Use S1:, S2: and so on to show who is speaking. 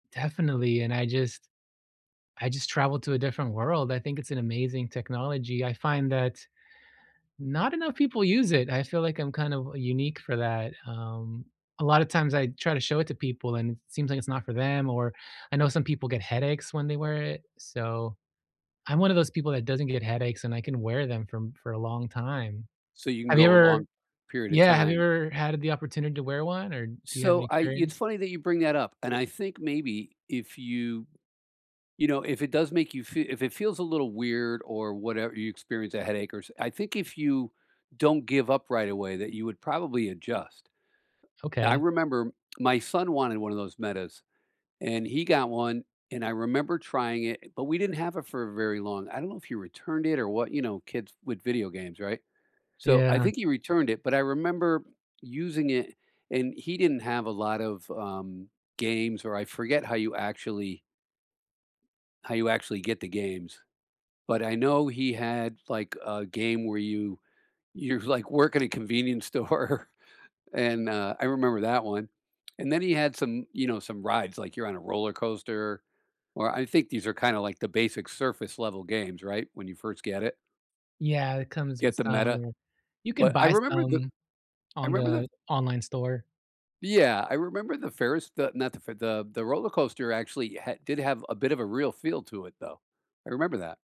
S1: Definitely, and I just I just traveled to a different world. I think it's an amazing technology. I find that not enough people use it. I feel like I'm kind of, uh, unique for that. Um, a lot of times, I try to show it to people and it seems like it's not for them or I know some people get headaches when they wear it. So, I'm one of those people that doesn't get headaches and I can wear them for for a long time.
S2: So you can
S1: Have you
S2: go a
S1: ever
S2: long period of
S1: yeah, have you
S2: time.
S1: ever had the opportunity to wear one or do you have any
S2: So I it's
S1: experience?
S2: funny that you bring that up, and I think maybe if you you know, if it does make you fe if it feels a little weird or whatever you experience a headache or s I think if you don't give up right away, that you would probably adjust. I
S1: Okay.
S2: remember my son wanted one of those Metas, and he got one, and I remember trying it, but we didn't have it for very long. I don't know if he returned it or what, you know, kids with video games, right? So I
S1: Yeah.
S2: think he returned it, but I remember using it, and he didn't have a lot of, um, games or I forget how you actually how you actually get the games, but I know he had, like, a game where you you, like, work in a convenience store, and, uh, I remember that one, and then he had some, you know, some rides, like you're on a roller coaster, or I think these are kinda like the basic surface level games, right, when you first get it.
S1: Yeah, it comes
S2: Get
S1: with
S2: the
S1: some
S2: Meta.
S1: or you can
S2: But I
S1: buy
S2: remember the
S1: some
S2: I
S1: on
S2: remember the
S1: the online store.
S2: Yeah, I remember the Ferris the not the f the the roller coaster actually ha did have a bit of a real feel to it, though, I remember that.